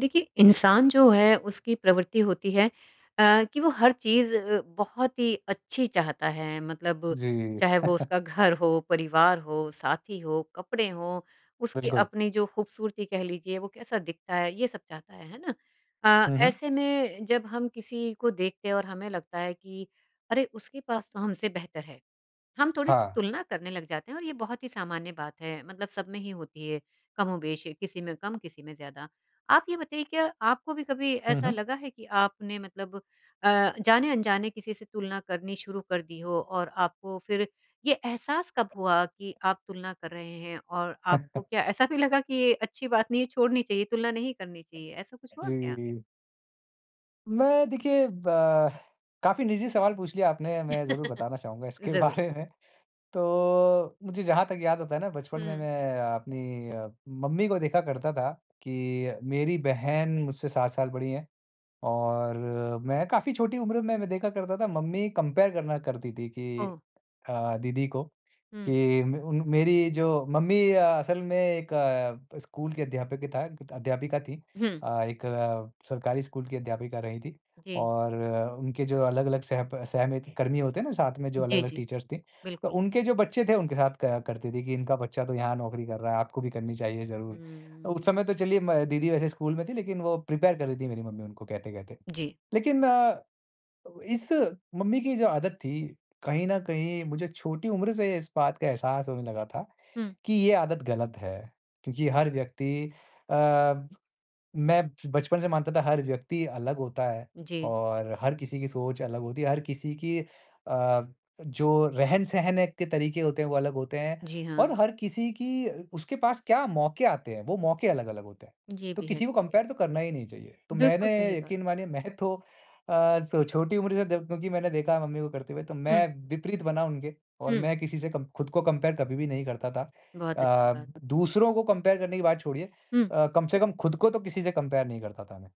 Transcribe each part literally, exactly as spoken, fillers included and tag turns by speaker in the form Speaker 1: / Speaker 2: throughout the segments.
Speaker 1: देखिए इंसान जो है उसकी प्रवृत्ति होती है अ, कि वो हर चीज़ अ, बहुत ही अच्छी चाहता है। मतलब
Speaker 2: जी।
Speaker 1: चाहे वो उसका घर हो, परिवार हो, साथी हो, कपड़े हो, उसकी
Speaker 2: बिल्कुल।
Speaker 1: अपनी जो खूबसूरती कह लीजिए वो कैसा दिखता है ये सब चाहता है। है ना? अ,
Speaker 2: हुँ, हुँ।
Speaker 1: ऐसे में जब हम किसी को देखते हैं और हमें लगता है कि अरे, उसके पास तो हमसे बेहतर है। हम थोड़ी-सी
Speaker 2: हाँ।
Speaker 1: तुलना करने लग जाते हैं और ये बहुत ही सामान्य बात है। मतलब सब में ही होती है ये कमोबेश़। किसी में कम किसी में ज़्यादा। आप ये बताइए क्या आपको भी कभी
Speaker 2: हुँ,
Speaker 1: ऐसा
Speaker 2: हुँ।
Speaker 1: लगा है कि आपने मतलब अ, जाने-अनजाने किसी से तुलना करनी शुरू कर दी हो और आपको फिर ये एहसास कब हुआ कि आप तुलना कर रहे हैं? और आपको क्या ऐसा भी लगा कि ये अच्छी बात नहीं है छोड़नी चाहिए तुलना नहीं करनी चाहिए? ऐसा कुछ हुआ क्या?
Speaker 2: जी। मैं देखिए ब काफ़ी निजी सवाल पूछ लिया आपने, मैं ज़रूर बताना चाहूँगा इसके
Speaker 1: ज़रूर।
Speaker 2: बारे में। तो मुझे जहाँ तक याद आता है ना बचपन में
Speaker 1: हुँ।
Speaker 2: मैं अ, अपनी अ, मम्मी को देखा करता था कि मेरी बहन मुझसे सात साल बड़ी हैं और मैं काफ़ी छोटी उम्र में मैं व देखा करता था मम्मी कंपेयर करना करती थी कि
Speaker 1: ओह!
Speaker 2: अ, दीदी को
Speaker 1: हुँ।
Speaker 2: कि मे उन मेरी जो मम्मी अ असल में एक अ, स्कूल के अध्यापिक था ग त अध्यापिका थीं।
Speaker 1: हुँ।
Speaker 2: अ, एक अ, सरकारी स्कूल की अध्यापिका रहीं थी
Speaker 1: जी।
Speaker 2: और अ, उनके जो अलग-अलग सहप सहमित कर्मी होते हैं ना साथ में जो
Speaker 1: जी,
Speaker 2: अलग-अलग
Speaker 1: जी।
Speaker 2: टीचर्स थे। तो
Speaker 1: बिल्कुल।
Speaker 2: उनके जो बच्चे थे उनके साथ क करती थी कि इनका बच्चा तो यहाँ नौकरी कर रहा है आपको भी करनी चाहिए ज़रूर। अ, उस
Speaker 1: हम्म।
Speaker 2: समय तो चलिए म दीदी वैसे स्कूल में थी लेकिन वो प्रिपेयर कर रही थी मेरी मम्मी उनको कहते-कहते।
Speaker 1: जी।
Speaker 2: लेकिन अ, इस मम्मी की जो आदत थी कहीं न कहीं मुझे छोटी उम्र से इस बात का एहसास होने लगा था
Speaker 1: हुँ।
Speaker 2: कि ये आदत गलत है। क्योंकि हर व्यक्ति अ, मैं बचपन से मानता था हर व्यक्ति अलग होता है
Speaker 1: जी।
Speaker 2: और हर किसी की सोच अलग होती है, हर किसी की अ, जो रहन-सहने के तरीके होते हैं वो अलग होते हैं।
Speaker 1: जी हाँ।
Speaker 2: और हर किसी की उसके पास क्या मौके आते हैं, वो मौके अलग-अलग होते हैं,
Speaker 1: ये
Speaker 2: तो
Speaker 1: भी है
Speaker 2: किसी को
Speaker 1: देखिए।
Speaker 2: कंपेयर तो करना ही नहीं चाहिए। तो
Speaker 1: बिल्कुल सही
Speaker 2: मैंने
Speaker 1: बात।
Speaker 2: यकीन मानिए मैं तो अ, स छोटी उम्र से द क्योंकि मैंने देखा है मम्मी को करते हुए तो
Speaker 1: हुँ।
Speaker 2: मैं विपरीत बना उनके और
Speaker 1: हुँ।
Speaker 2: मैं किसी से कम खुद को कंपेयर कभी भी नहीं करता था।
Speaker 1: बहुत अच्छी
Speaker 2: अ,
Speaker 1: बात।
Speaker 2: द दूसरों को कंपेयर करने की बात छोड़िए,
Speaker 1: हुँ।
Speaker 2: अ, कम से कम खुद को तो किसी से कंपेयर नहीं करता था मैं।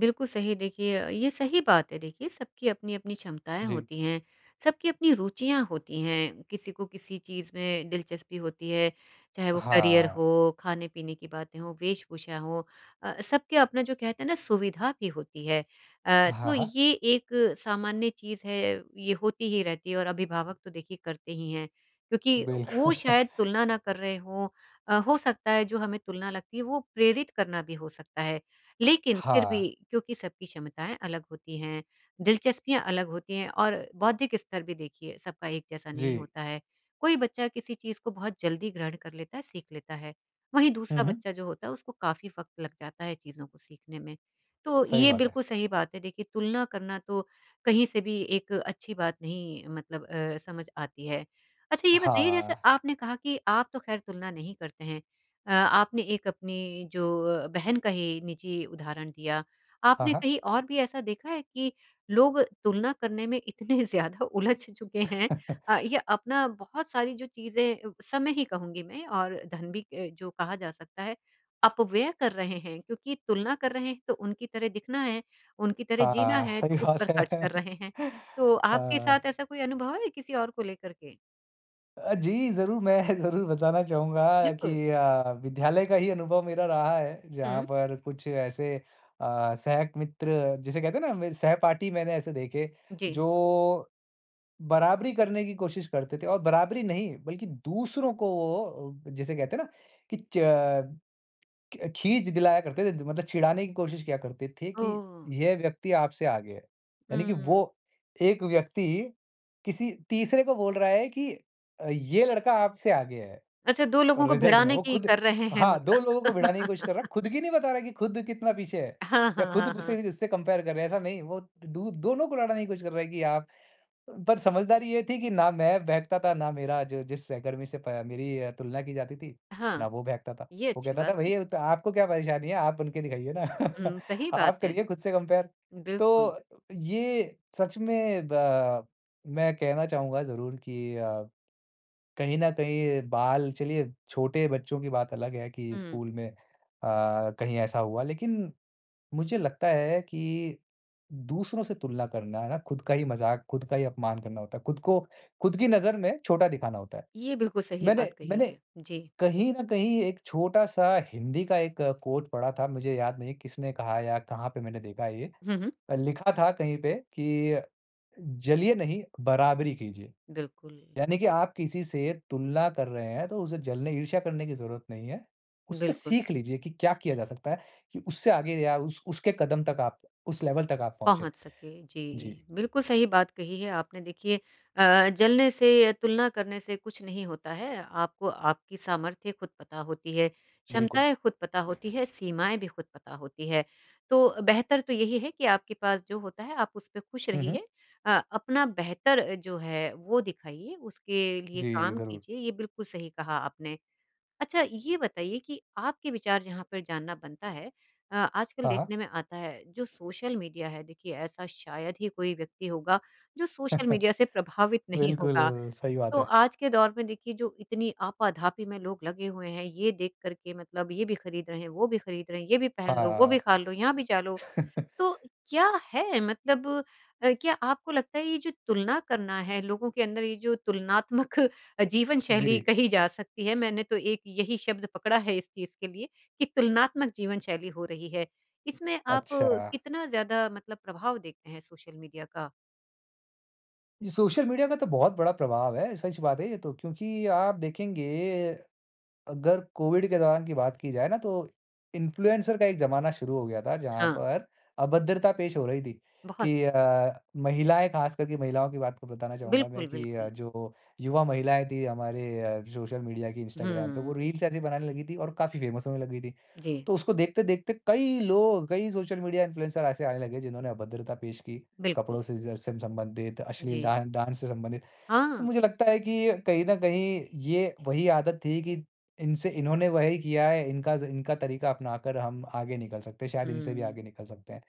Speaker 1: बिल्कुल सही। देखिए अ, ये सही बात है देखिए, सबकी अपनी-अपनी क्षमताएँ
Speaker 2: जी।
Speaker 1: होती हैं, सबकी अपनी रुचियाँ होती हैं, किसी को किसी चीज़ में दिलचस्पी होती है, चाहे वो करियर
Speaker 2: हाँ।
Speaker 1: हो खाने-पीने की बातें हो, वेशभूषा हो अ अ, सब के अपना जो कहते हैं ना सुविधा भी होती है। अ,
Speaker 2: हाँ,
Speaker 1: तो
Speaker 2: हाँ।
Speaker 1: ये एक, सामान्य चीज़ है, ये होती ही रहती है और अभिभावक तो देखिए करते ही हैं, क्योंकि
Speaker 2: बिल
Speaker 1: वो शायद तुलना ना कर रहे हों। अ, हो सकता है जो हमें तुलना लगती है वो प्रेरित करना भी हो सकता है। लेकिन फिर
Speaker 2: हाँ।
Speaker 1: भी, क्योंकि सबकी क्षमताएँ अलग होती हैं, दिलचस्पियाँ अलग होती हैं और बौद्धिक स्तर भी देखिए सबका एक जैसा नहीं
Speaker 2: जी।
Speaker 1: होता है। कोई बच्चा किसी चीज़ को बहुत जल्दी ग्रहण कर लेता है, सीख लेता है, वहीं
Speaker 2: हुँ,
Speaker 1: दूसरा
Speaker 2: हुँ।
Speaker 1: बच्चा जो होता है, उसको काफ़ी वक़्त लग जाता है चीज़ों को सीखने में। तो
Speaker 2: सही
Speaker 1: ये
Speaker 2: बात है।
Speaker 1: बिल्कुल सही बात है देखिए, तुलना करना तो कहीं से भी एक अच्छी बात नहीं मतलब अ, समझ आती है। अच्छा ये बताइए जैसे
Speaker 2: हाँ।
Speaker 1: आपने कहा कि आप तो ख़ैर तुलना नहीं करते हैं, अ, आपने एक अपनी जो अ, बहन का ही निजी उदाहरण दिया।
Speaker 2: हाँ,
Speaker 1: आपने
Speaker 2: हाँ।
Speaker 1: कहीं और भी ऐसा देखा है कि, लोग तुलना करने में इतने ज़्यादा उलझ चुके हैं अ, या अपना बहुत सारी जो चीज़ें समय ही कहूँगी मैं, और धन भी अ, जो कहा जा सकता है अपव्यय कर रहे हैं, क्योंकि तुलना कर रहे हैं तो उनकी तरह दिखना है, उनकी तरह
Speaker 2: हाँ,
Speaker 1: जीना
Speaker 2: हाँ
Speaker 1: है, तो
Speaker 2: सही
Speaker 1: उस पर
Speaker 2: बात
Speaker 1: ख़र्च कर
Speaker 2: है।
Speaker 1: रहे हैं, तो आपके
Speaker 2: हाँ।
Speaker 1: साथ ऐसा कोई अनुभव है, किसी और को लेकर के?
Speaker 2: अ, जी ज़रूर, मैं ज़रूर बताना चाहूँगा कि
Speaker 1: बिल्कुल।
Speaker 2: अ, विद्यालय का ही अनुभव मेरा रहा है, जहाँ
Speaker 1: हुँ।
Speaker 2: पर कुछ ऐसे अ, सहक मित्र जिसे कहते हैं ना मेरे सहपाठी मैंने ऐसे देखे,
Speaker 1: जी।
Speaker 2: जो बराबरी करने की कोशिश करते थे और बराबरी नहीं, बल्कि दूसरों को वो जिसे कहते हैं ना, कि च क्य खींज दिलाया करते रहते थे, मतलब चिढ़ाने की कोशिश किया करते थे कि,
Speaker 1: ओह!
Speaker 2: यह व्यक्ति आपसे आगे है। यानी कि
Speaker 1: हम्म।
Speaker 2: वो एक व्यक्ति किसी तीसरे को बोल रहा है कि अ, ये लड़का आपसे आगे है,
Speaker 1: अच्छा दो लोगों को
Speaker 2: रिज़ल्ट में,
Speaker 1: भिड़ाने
Speaker 2: वो
Speaker 1: की
Speaker 2: खुद
Speaker 1: कर रहे हैं
Speaker 2: हाँ, दो
Speaker 1: मतलब।
Speaker 2: लोगों को भिड़ाने की कोशिश कर रहा है। खुद की नहीं बता रहा है कि खुद कितना पीछे है,
Speaker 1: हाँ,
Speaker 2: या
Speaker 1: हाँ,
Speaker 2: खुद
Speaker 1: हाँ,
Speaker 2: गुस्से
Speaker 1: हाँ।
Speaker 2: भी उससे कंपेयर कर रहे है, ऐसा नहीं, वो दु दोनों को लड़ाने की कोशिश कर रहा है कि आप अ, पर समझदारी ये थी कि ना मैं बहकता था, ना मेरा जो जिस सहकर्मी से पा मेरी तुलना की जाती थी,
Speaker 1: हाँ।
Speaker 2: ना वो बहकता था।
Speaker 1: ये
Speaker 2: वो
Speaker 1: अच्छी
Speaker 2: कहता था,
Speaker 1: बात है।
Speaker 2: "भई अ, तो आपको क्या परेशानी है, आप बन के दिखाइए ना।
Speaker 1: हुँ, सही बात
Speaker 2: आप
Speaker 1: है।
Speaker 2: करिए खुद से कंपेयर।"
Speaker 1: बिल्कुल।
Speaker 2: तो ये सच में ब मैं कहना चाहूँगा ज़रूर कि अ, कहीं न कहीं बाल चलिए छोटे बच्चों की बात अलग है कि
Speaker 1: हुँ।
Speaker 2: स्कूल में अ, कहीं ऐसा हुआ। लेकिन मुझे लगता है कि दूसरों से तुलना करना है ना, खुद का ही मज़ाक, खुद का ही अपमान करना होता है, खुद को, खुद की नज़र में छोटा दिखाना होता है।
Speaker 1: ये बिल्कुल सही बात
Speaker 2: मैंने
Speaker 1: कही
Speaker 2: मैंने
Speaker 1: है। जी।
Speaker 2: कहीं न कहीं एक छोटा-सा हिंदी का एक कोट पढ़ा था, मुझे याद नहीं किसने कहा या कहाँ पे मैंने देखा है ये।
Speaker 1: हुँ, हुँ।
Speaker 2: लिखा था कहीं पे कि, "जलिए नहीं, बराबरी कीजिए।"
Speaker 1: बिल्कुल।
Speaker 2: यानी कि आप किसी से तुलना कर रहे हैं, तो उससे जलने ईर्ष्या करने की ज़रूरत नहीं है। उससे
Speaker 1: बिल्कुल।
Speaker 2: सीख लीजिए कि क्या किया जा सकता है? कि उससे आगे या उस उसके कदम तक, आप उस लेवल तक आप पहुँचे।
Speaker 1: पहुँच सके,
Speaker 2: जी।
Speaker 1: जी, बिल्कुल सही बात कही है आपने देखिए अ, जलने से या तुलना करने से कुछ नहीं होता है, आपको आपकी सामर्थ्य खुद पता होती है,
Speaker 2: बिल्कुल।
Speaker 1: क्षमताएँ खुद पता होती है, सीमाएँ भी खुद पता होती है। तो बेहतर तो यही है कि आपके पास जो होता है आप उस पे खुश
Speaker 2: हुँ, हुँ।
Speaker 1: रहिए अ, अपना बेहतर अ, जो है, वो दिखाइए, उसके लिए
Speaker 2: जी,
Speaker 1: काम
Speaker 2: ज़रूर।
Speaker 1: कीजिए, ये बिल्कुल सही कहा आपने। अच्छा, ये बताइए कि आपके विचार जहाँ पर जानना बनता है अ, आजकल
Speaker 2: हाँ, हाँ।
Speaker 1: देखने में आता है, जो सोशल मीडिया है देखिए ऐसा शायद ही कोई व्यक्ति होगा, जो सोशल मीडिया से प्रभावित नहीं
Speaker 2: बिल्कुल,
Speaker 1: होगा।
Speaker 2: सही बात
Speaker 1: तो
Speaker 2: है।
Speaker 1: आज के दौर में देखिए जो इतनी आपा-धापी में लोग लगे हुए हैं, ये देख कर के मतलब ये भी खरीद रहे हैं, वो भी खरीद रहे हैं, ये भी पहन लो, वो
Speaker 2: हाँ।
Speaker 1: भी खा लो, यहाँ भी जा लो। तो क्या है? मतलब अ, क्या आपको लगता है ये जो तुलना करना है, लोगों के अंदर ये जो तुलनात्मक अ, जीवन शैली
Speaker 2: जी।
Speaker 1: कही जा सकती है, मैंने तो एक यही शब्द पकड़ा है इस चीज़ के लिए, कि तुलनात्मक जीवन शैली हो रही है। इसमें आप
Speaker 2: अच्छा।
Speaker 1: कितना ज़्यादा मतलब प्रभाव देखते हैं सोशल मीडिया का?
Speaker 2: ये सोशल मीडिया का तो बहुत बड़ा प्रभाव है। सच बात है ये तो क्योंकि आप देखेंगे अगर कोविड के दौरान की बात की जाए ना तो इन्फ्लुएंसर का एक ज़माना शुरू हो गया था। जहाँ
Speaker 1: हाँ।
Speaker 2: पर अभद्रता पेश हो रही थी
Speaker 1: बहुत ज
Speaker 2: कि अ, महिलाएँ ख़ास करके महिलाओं की बात को बताना चाहूँगा मैं
Speaker 1: बिल्कुल,
Speaker 2: कि अ,
Speaker 1: बिल्कुल।
Speaker 2: जो युवा महिलाएँ थीं हमारे सोशल मीडिया की इंस्टाग्राम पे वो
Speaker 1: हुँ।
Speaker 2: रील्स ऐसी बनाने लगी थी और काफ़ी फ़ेमस होने लगी थी।
Speaker 1: जी।
Speaker 2: तो उसको देखते-देखते कई लोग, कई सोशल मीडिया इन्फ्लुएंसर ऐसे आने लगे जिन्होंने अभद्रता पेश की।
Speaker 1: बिल्कुल।
Speaker 2: कपड़ों से जैसे म संबंधित अश्लील
Speaker 1: जी।
Speaker 2: डा डांस से संबंधित। तो
Speaker 1: हाँ।
Speaker 2: मुझे लगता है कि अ, कहीं न कहीं ये वही आदत थी कि इनसे इन्होंने वही किया है इनका ज़ इनका तरीका अपना कर हम आगे निकल सकते हैं शायद इनसे भी
Speaker 1: हुँ।
Speaker 2: आगे निकल सकते हैं।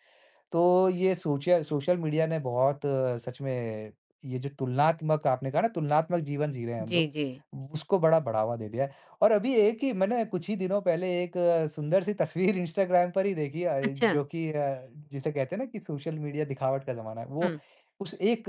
Speaker 2: तो ये सोचया सोशल मीडिया ने बहुत सच में ये जो तुलनात्मक आपने कहा ना तुलनात्मक जीवन जी रहे हैं हम
Speaker 1: जी,
Speaker 2: लोग। व
Speaker 1: जी।
Speaker 2: उसको बड़ा बढ़ावा दे दिया है। और अभी एक ही मैंने कुछ ही दिनों पहले एक सुन्दर-सी तस्वीर इंस्टाग्राम पर ही देखी है अ,
Speaker 1: अच्छा।
Speaker 2: जो कि अ, जिसे कहते हैं ना कि सोशल मीडिया दिखावट का ज़माना है वो
Speaker 1: हुँ।
Speaker 2: उस एक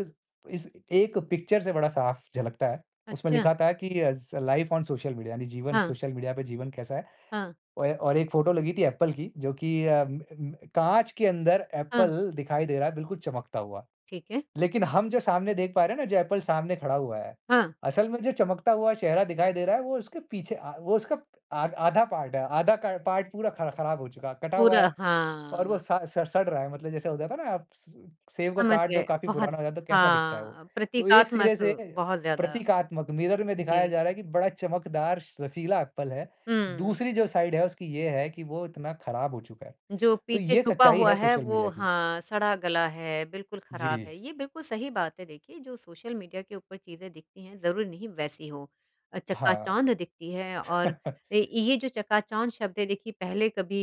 Speaker 2: इस एक पिक्चर से बड़ा साफ झलकता है। उसमें
Speaker 1: अच्छा।
Speaker 2: लिखा था है कि as life on social media यानी जीवन
Speaker 1: हाँ।
Speaker 2: सोशल मीडिया पे जीवन कैसा है।
Speaker 1: हाँ।
Speaker 2: औए और एक फ़ोटो लगी थी एप्पल की जो कि अम अम, काँच के अंदर
Speaker 1: हाँ।
Speaker 2: एप्पल दिखाई दे रहा है बिल्कुल चमकता हुआ।
Speaker 1: ठीक है।
Speaker 2: लेकिन हम जो सामने देख पा रहे है ना जो एप्पल सामने खड़ा हुआ है।
Speaker 1: हाँ।
Speaker 2: असल में जो चमकता हुआ चेहरा दिखाई दे रहा है वो उसके पीछे अ, वो उसका प अ आधा पार्ट है आधा क पार्ट पूरा ख ख़राब हो चुका है, कटा हुआ
Speaker 1: पूरा,
Speaker 2: है और वो
Speaker 1: हाँ।
Speaker 2: स स सड़ रहा है। मतलब जैसे हो जाता है ना आप स सेब को
Speaker 1: समझ
Speaker 2: काट दो
Speaker 1: गए।
Speaker 2: काफ़ी
Speaker 1: बहुत
Speaker 2: पुराना हो जाता तो कैसा दिखता है वो।
Speaker 1: हाँ,
Speaker 2: तो एक
Speaker 1: प्रतीकात्मक
Speaker 2: सिरे से
Speaker 1: बहुत ज़्यादा।
Speaker 2: प्रतीकात्मक मिरर में दिखाया जा
Speaker 1: जी।
Speaker 2: रहा है कि बड़ा चमकदार रसीला एप्पल है।
Speaker 1: हुँ।
Speaker 2: दूसरी जो साइड है उसकी ये है कि वो इतना ख़राब हो चुका है।
Speaker 1: जो
Speaker 2: तो
Speaker 1: पीछे
Speaker 2: ये
Speaker 1: छुपा
Speaker 2: सच्चाई
Speaker 1: हुआ
Speaker 2: है
Speaker 1: है
Speaker 2: सोशल
Speaker 1: वो
Speaker 2: मीडिया की।
Speaker 1: हाँ, सड़ा-गला है बिल्कुल ख़राब
Speaker 2: जी।
Speaker 1: है। ये बिल्कुल सही बात है देखिए जो सोशल मीडिया के ऊपर चीज़ें दिखती हैं ज़रूरी नहीं वैसी हो। अ,
Speaker 2: हाँ।
Speaker 1: चकाचौंध दिखती है और ए, ये जो चकाचौंध शब्द है देखिए पहले कभी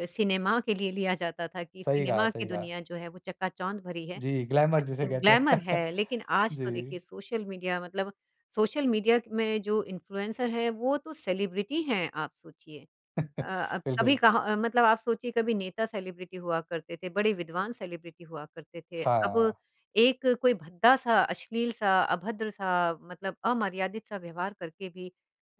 Speaker 1: अ अ, सिनेमा के लिए लिया जाता था कि
Speaker 2: सही कहा,
Speaker 1: सिनेमा की
Speaker 2: सही कहा।
Speaker 1: दुनिया जो है वो चकाचौंध भरी है। अ,
Speaker 2: जी, ग्लैमर जिसे कहते हैं।
Speaker 1: ग्लैमर है। लेकिन आज तो देखिए
Speaker 2: जी।
Speaker 1: सोशल मीडिया मतलब सोशल मीडिया में जो इन्फ्लुएंसर है वो तो सेलिब्रिटी हैं आप सोचिए। अ अ, कभी
Speaker 2: बिल्कुल।
Speaker 1: कहाँ मतलब आप सोचिए कभी नेता सेलिब्रिटी हुआ करते थे, बड़े विद्वान सेलिब्रिटी हुआ करते थे। अब
Speaker 2: हाँ।
Speaker 1: एक कोई भद्दा-सा, अश्लील-सा, अभद्र-सा, मतलब अमर्यादित-सा व्यवहार करके भी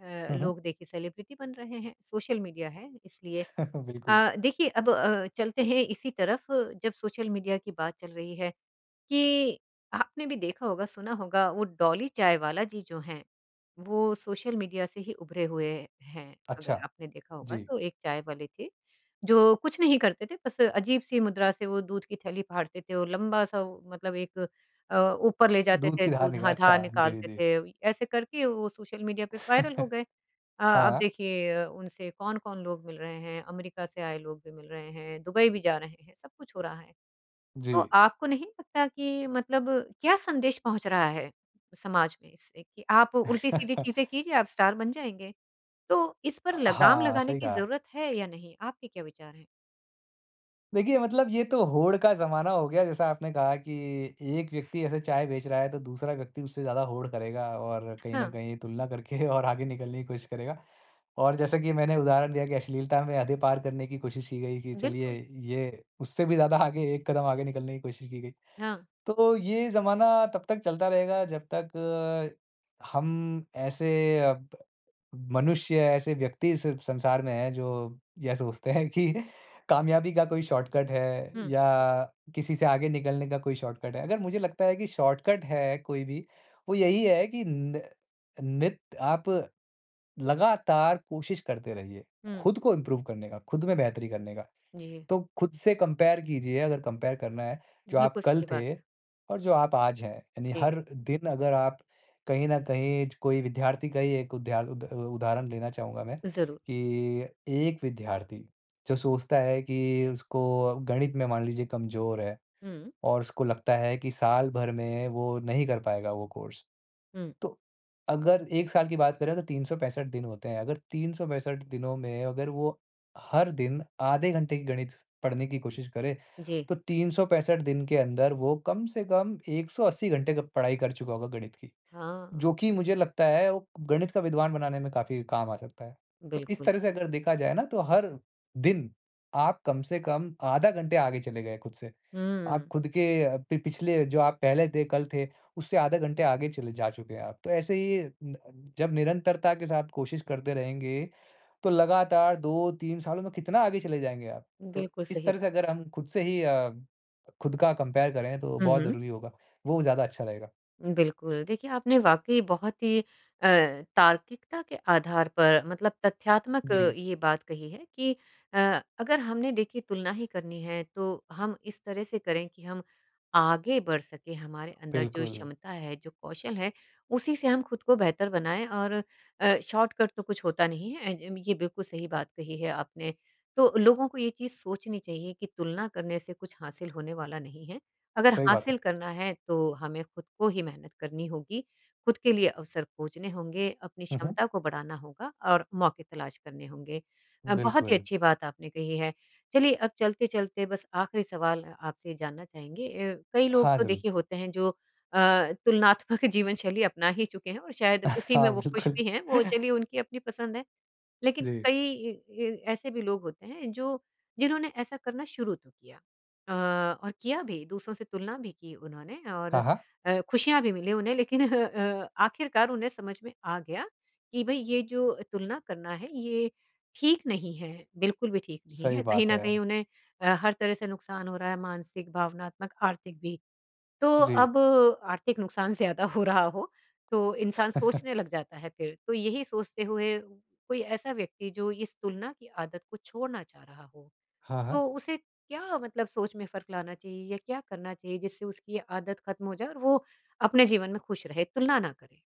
Speaker 1: अ,
Speaker 2: हुँ, हुँ।
Speaker 1: लोग देखे सेलिब्रिटी बन रहे हैं। सोशल मीडिया है इसलिए।
Speaker 2: बिल्कुल।
Speaker 1: अ, देखिए अब अ, चलते हैं इसी तरफ जब सोशल मीडिया की बात चल रही है कि आपने भी देखा होगा, सुना होगा वो डॉली चाय वाला जी जो है वो सोशल मीडिया से ही उभरे हुए हैं। अगर
Speaker 2: अच्छा।
Speaker 1: आपने देखा होगा
Speaker 2: जी।
Speaker 1: तो एक चाय वाले थे जो कुछ नहीं करते थे बस अजीब-सी मुद्रा से वो दूध की थैली फाड़ते थे। वो लंबा-सा वो मतलब एक अ, ऊपर ले जाते
Speaker 2: दूध
Speaker 1: थे
Speaker 2: की धार
Speaker 1: दूध
Speaker 2: निका
Speaker 1: हाँ धार
Speaker 2: अच्छा। जी,
Speaker 1: निकालते
Speaker 2: जी।
Speaker 1: थे। ऐसे करके वो सोशल मीडिया पे वायरल हो गए। अ अब
Speaker 2: हाँ।
Speaker 1: देखिए अ, उनसे कौन-कौन लोग मिल रहे हैं। अमेरिका से आए लोग भी मिल रहे हैं, दुबई भी जा रहे हैं सब कुछ हो रहा है। तो
Speaker 2: जी।
Speaker 1: आपको नहीं लगता कि मतलब क्या संदेश पहुँच रहा है समाज में इससे कि आप उल्टी-सीधी चीज़ें कीजिए आप स्टार बन जाएँगे। तो इस पर
Speaker 2: अ,
Speaker 1: लगाम
Speaker 2: हाँ
Speaker 1: लगाने
Speaker 2: सही
Speaker 1: की
Speaker 2: कहा।
Speaker 1: ज़रूरत है या नहीं? आपके क्या विचार हैं?
Speaker 2: देखिए, मतलब ये तो होड़ का ज़माना हो गया, जैसा आपने कहा कि एक व्यक्ति ऐसे चाय बेच रहा है तो दूसरा व्यक्ति उससे ज़्यादा होड़ करेगा और कहीं न
Speaker 1: हाँ।
Speaker 2: कहीं तुलना करके और आगे निकलने की कोशिश करेगा। और जैसा कि मैंने उदाहरण दिया कि अश्लीलता में हदें पार करने की कोशिश की गई कि चलिए,
Speaker 1: बिल्कुल।
Speaker 2: ये उससे भी ज़्यादा आगे एक कदम आगे निकलने की कोशिश की गई।
Speaker 1: हाँ।
Speaker 2: तो ये ज़माना तब तक चलता रहेगा जब तक हम ऐसे अ, ब मनुष्य, ऐसे व्यक्ति इस संसार में हैं, जो या सोचते हैं कि कामयाबी का कोई शॉर्टकट है
Speaker 1: हुँ।
Speaker 2: या किसी से आगे निकलने का कोई शॉर्टकट है। अगर मुझे लगता है कि शॉर्टकट है कोई भी, वो यही है कि न नित आप, लगातार कोशिश करते रहिए,
Speaker 1: हुँ।
Speaker 2: खुद को इम्प्रूव करने का, खुद में बेहतरी करने का।
Speaker 1: जी।
Speaker 2: तो खुद से कंपेयर कीजिए अगर कंपेयर करना है। जो आप
Speaker 1: बिल्कुल,
Speaker 2: कल
Speaker 1: सही बात।
Speaker 2: थे और जो आप आज हैं, यानी
Speaker 1: जी।
Speaker 2: हर दिन अगर आप कहीं न कहीं ज कोई विद्यार्थी का ही एक उदाह उद उ उदाहरण देना चाहूँगा मैं
Speaker 1: ज़रूर।
Speaker 2: कि एक विद्यार्थी, जो सोचता है कि उसको अ, गणित में मान लीजिए कमज़ोर है,
Speaker 1: हुँ।
Speaker 2: और उसको लगता है कि सालभर में वो नहीं कर पाएगा वो कोर्स।
Speaker 1: हुँ।
Speaker 2: तो अगर एक साल की बात करें तो तीन सौ पैंसठ दिन होते हैं। अगर तीन सौ पैंसठ दिनों में अगर वो हर दिन आधे घंटे की गणित स पढ़ने की कोशिश करे,
Speaker 1: जी।
Speaker 2: तो तीन सौ पैंसठ दिन के अंदर वो कम से कम एक सौ अस्सी घंटे गप पढाई कर चूका होगा गणित की।
Speaker 1: हाँ।
Speaker 2: जो कि मुझे लगता है, वो गणित का विद्वान बनाने में काफ़ी काम आ सकता है। तो इस
Speaker 1: बिल्कुल।
Speaker 2: तरह से अगर देखा जाए ना, तो हर दिन आप कम से कम आधा घंटे आगे चले गए खुद से। आप
Speaker 1: हुँ।
Speaker 2: खुद के अ, पि पिछले जो आप पहले थे कल थे, उससे आधा घंटा आगे चले जा चुके हैं आप। तो ऐसे ही न जब निरंतरता के साथ कोशिश करते रहेंगे, तो लगातार दो तीन सालों में कितना आगे चले जाएँगे आप। तो
Speaker 1: बिल्कुल, सही
Speaker 2: इस तरह
Speaker 1: बात।
Speaker 2: से अगर हम खुद से ही अ, खुद का कंपेयर करें तो
Speaker 1: हुँ,
Speaker 2: बहुत
Speaker 1: हुँ।
Speaker 2: ज़रूरी होगा। वो ज़्यादा अच्छा रहेगा।
Speaker 1: उम, बिल्कुल। देखिए आपने वाक़ई बहुत ही अ, तार्किकता के आधार पर मतलब तथ्यात्मक
Speaker 2: जी।
Speaker 1: ये बात कही है कि अ, अगर हमने देखिए तुलना ही करनी है तो हम इस तरह से करें कि हम आगे बढ़ सकें। हमारे अंदर जो
Speaker 2: बिल्कुल।
Speaker 1: क्षमता है, जो कौशल है, उसी से हम खुद को बेहतर बनाएँ और अ, शॉर्टकट तो कुछ होता नहीं है ए अम, ये बिल्कुल सही बात कही है आपने। तो लोगों को ये चीज़ सोचनी चाहिए कि तुलना करने से कुछ हासिल होने वाला नहीं है। अगर
Speaker 2: सही बात है।
Speaker 1: हासिल करना है तो हमें खुद को ही मेहनत करनी होगी, खुद के लिए अवसर खोजने होंगे, अपनी
Speaker 2: हुँ, हुँ।
Speaker 1: क्षमता को बढ़ाना होगा और मौके तलाश करने होंगे। अ, बहुत ही
Speaker 2: बिल्कुल।
Speaker 1: अच्छी बात आपने कही है। चलिए अब चलते-चलते बस आखिरी सवाल अ आपसे जानना चाहेंगे अ, कई लोग
Speaker 2: हाँ,
Speaker 1: तो
Speaker 2: ज़रूर।
Speaker 1: देखिए होते हैं जो अ, तुलनात्मक जीवन-शैली अपना ही चुके हैं और शायद उसी में
Speaker 2: हाँ,
Speaker 1: वो खुश
Speaker 2: बिल्कुल।
Speaker 1: भी हैं। वो चलिए उनकी अपनी पसंद है। लेकिन
Speaker 2: जी।
Speaker 1: कई इ इ ऐसे भी लोग होते हैं, जो जिन्होंने ऐसा करना शुरू तो किया। अ, और किया भी दूसरों से तुलना भी की उन्होंने और
Speaker 2: हाँ, हाँ।
Speaker 1: अ, खुशियाँ भी मिली उन्हें लेकिन ह अ, आखिरकार उन्हें समझ में आ गया कि भई ये जो तुलना करना है, ये ठीक नहीं है, बिल्कुल भी ठीक नहीं
Speaker 2: सही
Speaker 1: है। कहीं
Speaker 2: बात
Speaker 1: न
Speaker 2: है।
Speaker 1: कहीं उन्हें अ, हर तरह से नुकसान हो रहा है मानसिक, भावनात्मक, आर्थिक भी। तो
Speaker 2: जी।
Speaker 1: अब आर्थिक नुकसान ज़्यादा हो रहा हो, तो इंसान सोचने लग जाता है फिर, तो यही सोचते हुए कोई ऐसा व्यक्ति जो इस तुलना की आदत को छोड़ना चाह रहा हो,
Speaker 2: हाँ, हाँ।
Speaker 1: तो उसे क्या मतलब सोच में फ़र्क लाना चाहिए या क्या करना चाहिए जिससे उसकी आदत ख़त्म हो जाए और वो अपने जीवन में खुश रहे, तुलना ना करे?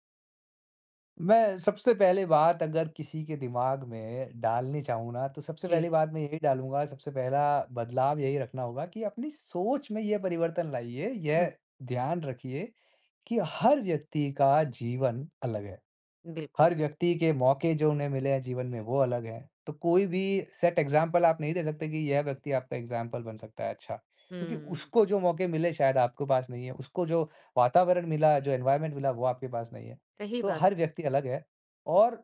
Speaker 2: मैं सबसे पहले बात अगर किसी के दिमाग में डालनी चाहूँ ना, तो सबसे
Speaker 1: जी।
Speaker 2: पहली बात मैं यही डालूँगा सबसे पहला बदलाव यही रखना होगा कि अपनी सोच में ये परिवर्तन लाइए।
Speaker 1: हुँ।
Speaker 2: यह ध्यान रखिए कि हर व्यक्ति का जीवन अलग है।
Speaker 1: बिल्कुल।
Speaker 2: हर व्यक्ति के मौके जो उन्हें मिले हैं जीवन में वो अलग हैं। तो कोई भी सेट एग्ज़ामपल आप नहीं दे सकते कि यह व्यक्ति आपका एग्ज़ामपल बन सकता है अच्छा। क्योंकि
Speaker 1: हम्म।
Speaker 2: उसको जो मौके मिले शायद आपको पास नहीं है। उसको जो वातावरण मिला जो एनवायरमेंट मिला वो आपके पास नहीं है।
Speaker 1: सही
Speaker 2: तो
Speaker 1: बात
Speaker 2: हर
Speaker 1: है।
Speaker 2: व्यक्ति अलग है और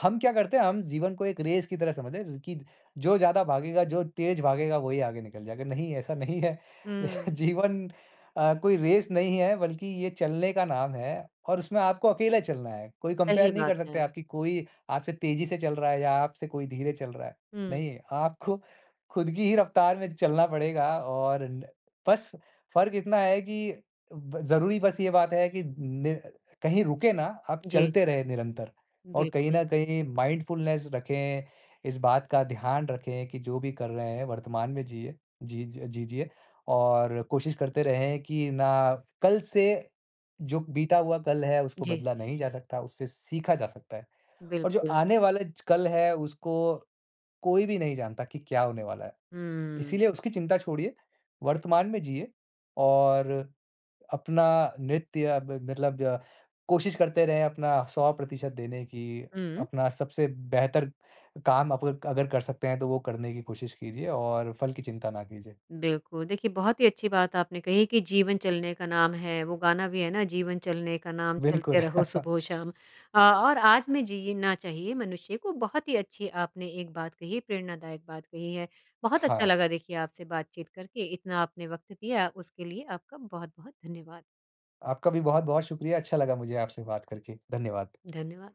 Speaker 2: हम क्या करते हैं हम जीवन को एक रेस की तरह समझते हैं र कि द जो ज़्यादा भागेगा जो तेज़ भागेगा वही आगे निकल जाएगा। नहीं ऐसा नहीं है।
Speaker 1: हुँ।
Speaker 2: जीवन अ, कोई रेस नहीं है बल्कि ये चलने का नाम है और उसमें आपको अकेला चलना है। कोई
Speaker 1: सही
Speaker 2: कंपेयर नहीं
Speaker 1: बात
Speaker 2: कर सकता है
Speaker 1: है।
Speaker 2: आपकी कोई आपसे तेज़ी से चल रहा है या आपसे कोई धीरे चल रहा है।
Speaker 1: हुँ।
Speaker 2: नहीं आपको ख़ुद की ही रफ़्तार में चलना पड़ेगा और न बस फ़र्क इतना है कि ब ज़रूरी बस ये बात है कि नि कहीं रुके ना आप
Speaker 1: जी।
Speaker 2: चलते रहे निरंतर और कहीं
Speaker 1: बिल्कुल।
Speaker 2: न कहीं माइंडफ़ुलनेस रखें। इस बात का ध्यान रखें कि जो भी कर रहे हैं वर्तमान में जिए। जीज अ, जी जिए और कोशिश करते रहें कि ना कल से जो बीता हुआ कल है उसको
Speaker 1: जी।
Speaker 2: बदला नहीं जा सकता उससे सीखा जा सकता है और जो
Speaker 1: बिल्कुल।
Speaker 2: आने वाले ज कल है उसको कोई भी नहीं जानता कि क्या होने वाला है।
Speaker 1: हम्म।
Speaker 2: इसीलिए उसकी चिंता छोड़िए। वर्तमान में जिए और अपना नृत्य अब मतलब जो कोशिश करते रहे अपना सौ प्रतिशत देने की।
Speaker 1: हुँ।
Speaker 2: अपना सबसे बेहतर काम आप अगर अगर कर सकते हैं तो वो करने की कोशिश कीजिए और फ़ल की चिंता ना कीजिए।
Speaker 1: बिल्कुल। देखिए बहुत ही अच्छी बात आपने कही है कि जीवन चलने का नाम है वो गाना भी है ना जीवन चलने का नाम
Speaker 2: बिल्कुल।
Speaker 1: चलते रहो सुबहो शाम। अ, और आज में जीना चाहिए मनुष्य को बहुत ही अच्छी आपने एक बात कही प्रेरणादायक बात कही है। बहुत अच्छा
Speaker 2: हाँ।
Speaker 1: लगा देखिए आपसे बातचीत करके। इतना आपने वक़्त दिया उसके लिए आपका बहुत-बहुत धन्यवाद!
Speaker 2: आपका भी बहुत-बहुत शुक्रिया। अच्छा लगा मुझे आपसे बात करके। धन्यवाद!
Speaker 1: धन्यवाद!